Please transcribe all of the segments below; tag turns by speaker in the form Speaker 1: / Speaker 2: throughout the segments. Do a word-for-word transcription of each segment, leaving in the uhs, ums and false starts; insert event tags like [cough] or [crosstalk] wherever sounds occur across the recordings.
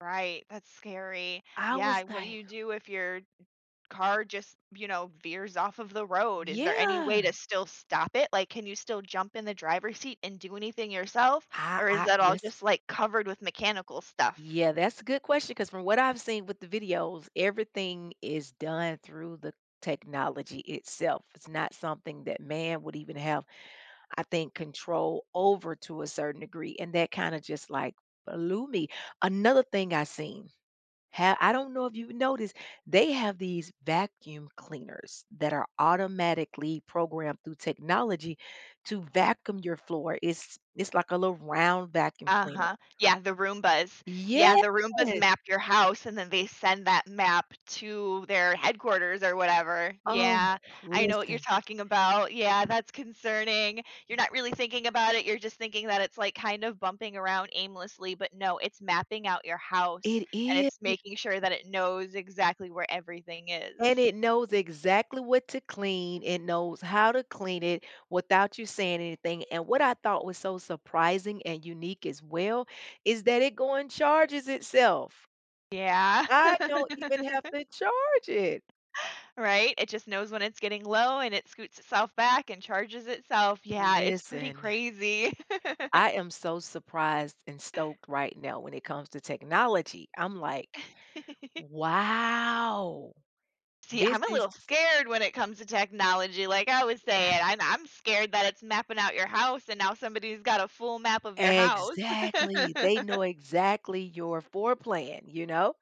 Speaker 1: Right, that's scary.
Speaker 2: I
Speaker 1: Yeah,
Speaker 2: was,
Speaker 1: what do
Speaker 2: like
Speaker 1: you do if your car just, you know, veers off of the road? Is there any
Speaker 2: Yeah.
Speaker 1: way to still stop it? Like, can you still jump in the driver's seat and do anything yourself,
Speaker 2: I
Speaker 1: or is
Speaker 2: I
Speaker 1: that all
Speaker 2: this
Speaker 1: just, like, covered with mechanical stuff?
Speaker 2: Yeah, that's a good question 'cause from what I've seen with the videos, everything is done through the technology itself. It's not something that man would even have, I think, control over to a certain degree, and that kinda just, like, blew me. Another thing I seen, ha I don't know if you've noticed, they have these vacuum cleaners that are automatically programmed through technology to vacuum your floor. It's it's like a little round vacuum cleaner.
Speaker 1: Uh-huh. Yeah, the Roombas. Yeah,
Speaker 2: Yes!
Speaker 1: the Roombas map your house, and then they send that map to their
Speaker 2: Uh
Speaker 1: headquarters or whatever,
Speaker 2: Oh,
Speaker 1: yeah. I know what you're
Speaker 2: listen
Speaker 1: talking about, yeah, that's concerning. You're not really thinking about it, you're just thinking that it's, like, kind of bumping around aimlessly, but no, it's mapping out your house,
Speaker 2: It
Speaker 1: and it's
Speaker 2: is.
Speaker 1: making sure that it knows exactly where everything
Speaker 2: And
Speaker 1: is.
Speaker 2: it knows exactly what to clean, it knows how to clean it without you saying anything and what I thought was so surprising and unique as well, is that it go and charges itself.
Speaker 1: Yeah.
Speaker 2: I don't even have
Speaker 1: [laughs]
Speaker 2: to charge it!
Speaker 1: Right? It just knows when it's getting low and it scoots itself back and charges itself. Yeah, it's pretty
Speaker 2: Listen [sighs]
Speaker 1: crazy. [laughs]
Speaker 2: I am so surprised and stoked right now when it comes to technology. I'm like,
Speaker 1: [giggles]
Speaker 2: "Wow.
Speaker 1: See,
Speaker 2: This
Speaker 1: I'm a
Speaker 2: is"
Speaker 1: little scared when it comes to technology. Like I was saying,
Speaker 2: [sighs]
Speaker 1: I'm I'm scared that it's mapping out your house and now somebody's got a full map of your house.
Speaker 2: Exactly, they
Speaker 1: [laughs]
Speaker 2: know exactly your four plan, you know?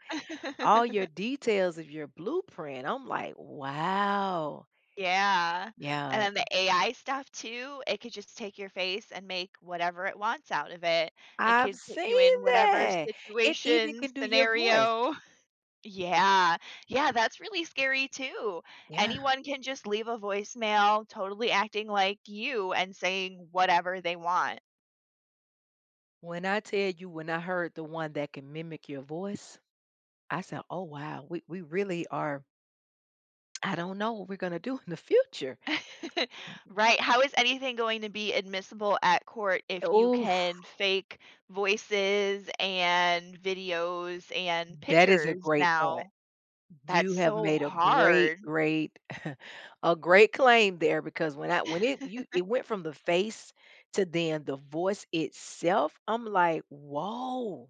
Speaker 2: All your
Speaker 1: [giggles]
Speaker 2: details of your blueprint. I'm like, "Wow."
Speaker 1: Yeah, and
Speaker 2: Yeah.
Speaker 1: then the AI stuff, too, it could just take your face and make whatever it wants out of it. It
Speaker 2: I've
Speaker 1: could put you
Speaker 2: seen
Speaker 1: in whatever
Speaker 2: that! It even
Speaker 1: situation,
Speaker 2: can do your voice.
Speaker 1: scenario. Yeah, yeah, that's really scary, too,
Speaker 2: Yeah.
Speaker 1: anyone can just leave a voicemail totally acting like you and saying whatever they want.
Speaker 2: When I tell you, when I heard the one that can mimic your voice, I said, "Oh, wow. We we really are" "I don't know what we're gonna do in the future."
Speaker 1: [laughs] Right, how is anything going to be admissible at court
Speaker 2: A
Speaker 1: if you
Speaker 2: Oof.
Speaker 1: can fake voices and videos and
Speaker 2: That is a
Speaker 1: pictures
Speaker 2: great point.
Speaker 1: now? That's
Speaker 2: You have
Speaker 1: so
Speaker 2: made a great,
Speaker 1: hard.
Speaker 2: great [scoffs] a great claim there because when I when it you
Speaker 1: [giggles]
Speaker 2: it went from the face to, then, the voice itself, I'm like, "Woah."